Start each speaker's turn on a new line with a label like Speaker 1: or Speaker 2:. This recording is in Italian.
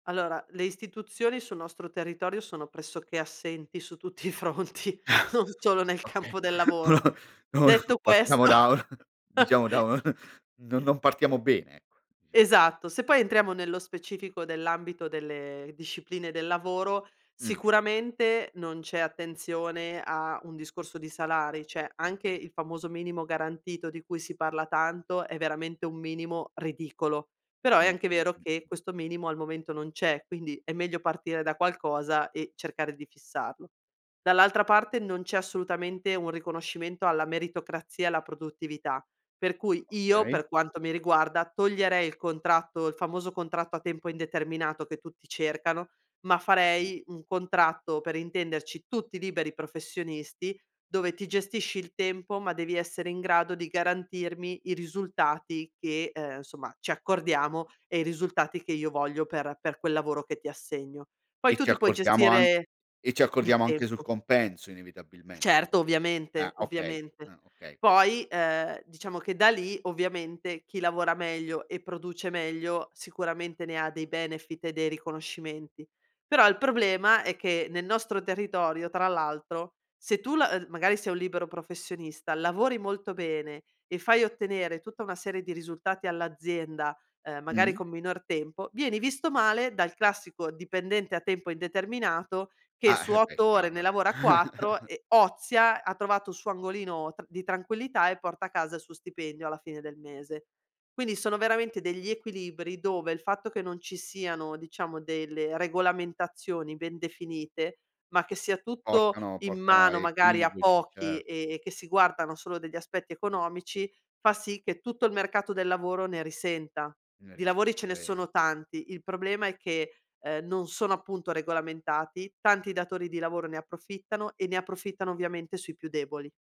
Speaker 1: Allora, le istituzioni, sul nostro territorio, sono pressoché assenti, su tutti i fronti, non solo nel
Speaker 2: Okay,
Speaker 1: campo del lavoro. Detto
Speaker 2: [unintelligible] partiamo
Speaker 1: questo
Speaker 2: da un diciamo, da un non non partiamo bene, ecco, dicia
Speaker 1: Esatto, se poi entriamo nello specifico dell'ambito delle discipline del lavoro,
Speaker 2: Mh.
Speaker 1: sicuramente, non c'è attenzione a un discorso di salari, cioè, anche il famoso minimo garantito, di cui si parla tanto, è veramente un minimo ridicolo. Però, è
Speaker 2: Mh,
Speaker 1: anche
Speaker 2: mh,
Speaker 1: vero
Speaker 2: mh,
Speaker 1: che
Speaker 2: mh.
Speaker 1: questo minimo al momento non c'è, quindi, è meglio partire da qualcosa e, cercare di fissarlo. Dall'altra parte, non c'è assolutamente un riconoscimento alla meritocrazia e alla produttività, per cui, io
Speaker 2: Okay.
Speaker 1: per quanto mi riguarda, toglierei il contratto il famoso contratto a tempo indeterminato, che tutti cercano, ma
Speaker 2: Mh.
Speaker 1: farei un contratto, per intenderci, tutti liberi professionisti, dove ti gestisci il tempo, ma devi essere in grado di garantirmi i risultati che uhm, insomma, ci accordiamo, e i risultati che io voglio per per quel lavoro che ti assegno. Poi
Speaker 2: E
Speaker 1: tu
Speaker 2: ci
Speaker 1: ti puoi
Speaker 2: accordiamo an
Speaker 1: gestire,
Speaker 2: e ci
Speaker 1: i il
Speaker 2: accordiamo anche sul
Speaker 1: tempo.
Speaker 2: compenso, inevitabilmente po
Speaker 1: Certo,
Speaker 2: Ah,
Speaker 1: ovviamente,
Speaker 2: okay
Speaker 1: ovviamente.
Speaker 2: ah, okay, okay.
Speaker 1: Poi, ehm, diciamo che da lì, ovviamente, chi lavora meglio, e produce meglio, sicuramente ne ha dei benefit e dei riconoscimenti. Però il problema, è che nel nostro territorio, tra l'altro, se tu la ehm, magari sei un libero professionista, lavori molto bene e fai ottenere tutta una serie di risultati all'azienda, uhm, magari
Speaker 2: Mh.
Speaker 1: con minor tempo, vieni visto male dal classico dipendente a tempo indeterminato, che
Speaker 2: Ah,
Speaker 1: su
Speaker 2: eh, beh!
Speaker 1: 8 ore
Speaker 2: Chiar
Speaker 1: ne lavora 4 e ozia, ha trovato il suo angolino tr di tranquillità, e porta a casa il suo stipendio alla fine del mese. Quindi, sono veramente degli equilibri dove, il fatto che non ci siano, diciamo, delle regolamentazioni ben definite, ma che sia tutto
Speaker 2: Portano
Speaker 1: in
Speaker 2: portano a
Speaker 1: mano, magari, a
Speaker 2: equivoci,
Speaker 1: pochi,
Speaker 2: cer
Speaker 1: e e che si guardano solo degli aspetti economici, fa sì che tutto il mercato del lavoro ne risenta.
Speaker 2: Ne
Speaker 1: Di lavori ce
Speaker 2: risenta,
Speaker 1: ne
Speaker 2: eh
Speaker 1: sono tanti, il problema è che, ehm, non sono appunto regolamentati, tanti datori di lavoro ne approfittano, e ne approfittano ovviamente sui più deboli.